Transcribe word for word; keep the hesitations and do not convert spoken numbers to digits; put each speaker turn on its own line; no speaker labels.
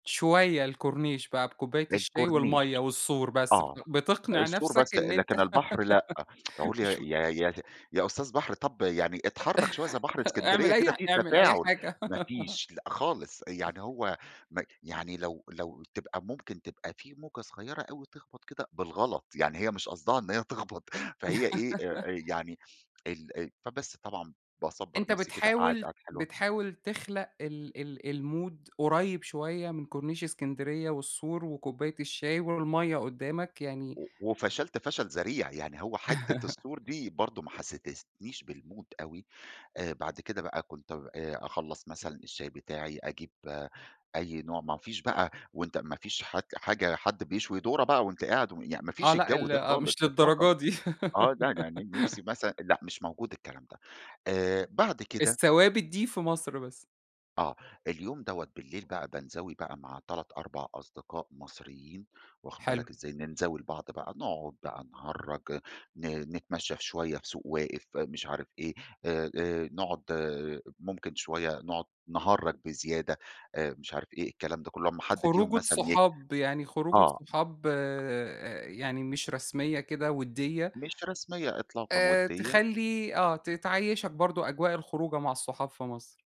شوية الكورنيش بقى بكوباية الشاي
الكورنيش،
والمَيّة والسور بس،
آه
بت بتقنِع
السور
نفْسك
بس،
إن أنت
لكن البحر لأ. أقول: يا
شو
يا يا يا أستاذ بحر، طب يعني إتحرك شوية زي بحر
إعمل
إسكندرية
أي
كده،
ح
فيه
إعمل أي
تفاعل،
حاجة.
مافيش، لأ خالص، يعني
[unintelligible]
هو م يعني لو لو تبقى ممكن تبقى فيه موجة صغيرة أوي تخبَط كده بالغلط، يعني هي مش قصدها إن هي تخبط، فهي إيه آآ، يعني ال أ فبس طبعًا باصبّر
أنت
نفْسي كده، قاعد
بتحاول
قعدة حلوة.
بتحاول تخلق ال ال المود قريب شوية من كورنيش إسكندرية، والسور وكوباية الشاي والمَيّة قدامك يعني
و وفشلت فشل ذريع، يعني هو حتة السور دي برضو ما حستستنيش بالمود أوي. آآ بعد كده بقى كنت آآ أخلّص مثلًا الشاي بتاعي، أجيب أي نوع مافيش بقى وأنت مافيش حد حاجة حد بيشوي ذرة بقى وأنت قاعد يعن
آه
مافيش
لأ،
الجو ده
ال
خالص
مش
إطلاقًا.
للدرجة دي.
آه لأ، ن نفْسي مثلًا لأ مش موجود الكلام ده، آآ بعد كده.
الثوابت دي في مصر بس.
آه، اليوم دوّة بالليل بقى بانزَوي بقى مع تلات أربع أصدقاء مصريين، واخد
حلو.
بالك إزاي، ننزَوي لبعض بقى، نقعد بقى نهرّج، ن نتمشى في شوية في سوق واقف، مش عارف إيه، آآ نقعد آآ ممكن شوية نقعد نهرّج بزيادة، آآ مش عارف إيه الكلام ده كله، لما حد فيهم
خروجة
مثلًا ي
صحاب، يعني خروجة
آه.
صحاب آآ يعني مش رسمية كده ودية.
مش رسمية إطلاقًا،
آآ،
ودية
تخلّي آه ت تعيّشك برضو أجواء الخروجة مع الصحاب في مصر.